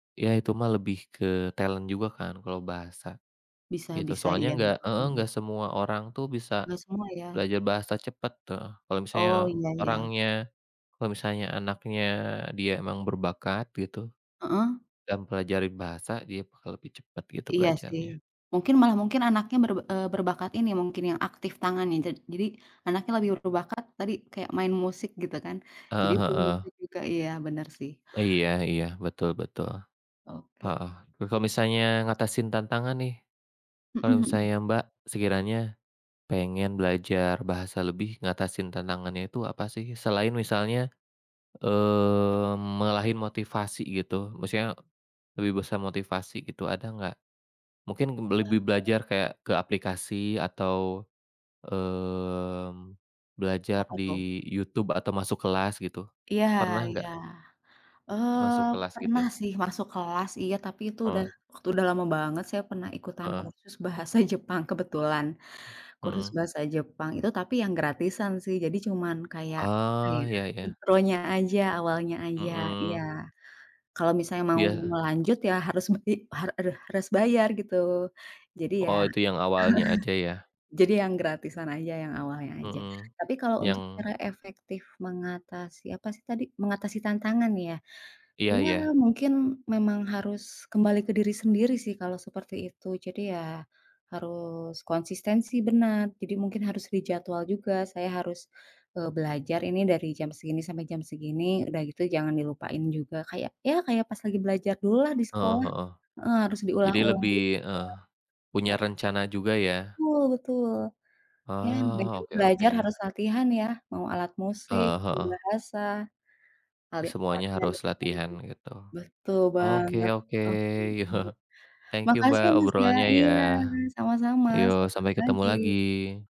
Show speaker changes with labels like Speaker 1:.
Speaker 1: Ya itu mah lebih ke talent juga kan kalau bahasa.
Speaker 2: Bisa
Speaker 1: Itu
Speaker 2: bisa,
Speaker 1: soalnya
Speaker 2: iya,
Speaker 1: enggak heeh, enggak
Speaker 2: heeh.
Speaker 1: semua orang tuh bisa
Speaker 2: Nggak semua ya?
Speaker 1: belajar bahasa cepet tuh. Kalau misalnya
Speaker 2: Oh, iya iya.
Speaker 1: orangnya kalau misalnya anaknya dia memang berbakat gitu,
Speaker 2: Heeh.
Speaker 1: dan mempelajari bahasa, dia bakal lebih cepat gitu
Speaker 2: Iya, sih,
Speaker 1: belajarnya.
Speaker 2: mungkin malah mungkin anaknya ber eee, berbakat ini mungkin yang aktif tangannya jad jadi anaknya lebih ber berbakat tadi kayak main musik gitu kan. Jadi
Speaker 1: Heeh heeh.
Speaker 2: bermusik juga, iya, bener sih
Speaker 1: Iya iya, betul betul,
Speaker 2: Oke.
Speaker 1: heeh. Kalau misalnya ngatasin tantangan nih,
Speaker 2: Mhm
Speaker 1: kalau
Speaker 2: mhm.
Speaker 1: misalnya Mbak sekiranya pengen belajar bahasa lebih, ngatasin tantangannya itu apa sih selain misalnya, eee, ngalahin motivasi gitu maksudnya lebih besar motivasi gitu ada nggak? Mungkin lebih
Speaker 2: Ah.
Speaker 1: belajar kayak ke aplikasi atau, eee, belajar
Speaker 2: Apa tuh?
Speaker 1: di YouTube atau masuk kelas gitu,
Speaker 2: Iya
Speaker 1: pernah
Speaker 2: iya,
Speaker 1: nggak? Masuk
Speaker 2: eee,
Speaker 1: kelas
Speaker 2: pernah
Speaker 1: gitu?
Speaker 2: sih masuk kelas, iya, tapi itu udah
Speaker 1: Heeh.
Speaker 2: udah lama banget saya pernah ikutan
Speaker 1: Heeh.
Speaker 2: kursus bahasa Jepang kebetulan. Kursus
Speaker 1: Mhm.
Speaker 2: bahasa Jepang itu tapi yang gratisan sih. Jadi cuman kayak, apa ya,
Speaker 1: Oh, ya ya.
Speaker 2: intronya aja, awalnya aja, iya.
Speaker 1: Mhm.
Speaker 2: Kalau misalnya mau
Speaker 1: Iya.
Speaker 2: ngelanjut ya harus bai har aduh, harus bayar gitu. Jadi ya
Speaker 1: Oh, itu yang awalnya aja ya.
Speaker 2: jadi yang gratisan aja yang awalnya aja.
Speaker 1: Mhm,
Speaker 2: Tapi kalau untuk
Speaker 1: yang
Speaker 2: cara efektif mengatasi apa sih tadi, mengatasi tantangan ya,
Speaker 1: Iya
Speaker 2: ya,
Speaker 1: iya.
Speaker 2: mungkin memang harus kembali ke diri sendiri sih kalau seperti itu, jadi ya harus konsistensi benar, jadi mungkin harus dijadwal juga, saya harus, eee, belajar ini dari jam segini sampai jam segini, udah gitu jangan dilupain juga, kayak ya kayak pas lagi belajar dululah di
Speaker 1: Heeh
Speaker 2: sekolah.
Speaker 1: heeh.
Speaker 2: Heeh, harus
Speaker 1: Jadi
Speaker 2: diulang-ulang gitu
Speaker 1: lebih heeh,
Speaker 2: ya.
Speaker 1: punya
Speaker 2: Harus
Speaker 1: rencana juga ya.
Speaker 2: betul betul, ya baju
Speaker 1: Oh, oke
Speaker 2: belajar
Speaker 1: oke.
Speaker 2: harus latihan ya, mau alat musik,
Speaker 1: Heeh
Speaker 2: mau
Speaker 1: heeh.
Speaker 2: bahasa. Paling
Speaker 1: Semuanya
Speaker 2: kuatnya di
Speaker 1: harus
Speaker 2: mana.
Speaker 1: latihan gitu.
Speaker 2: Betul
Speaker 1: Oke
Speaker 2: banget,
Speaker 1: oke.
Speaker 2: oke, iya.
Speaker 1: Thank you
Speaker 2: Makasih
Speaker 1: Mbak
Speaker 2: Mas ya
Speaker 1: obrolannya ya.
Speaker 2: iya, sama-sama
Speaker 1: Ayo,
Speaker 2: selamat
Speaker 1: sampai ketemu
Speaker 2: pagi.
Speaker 1: lagi.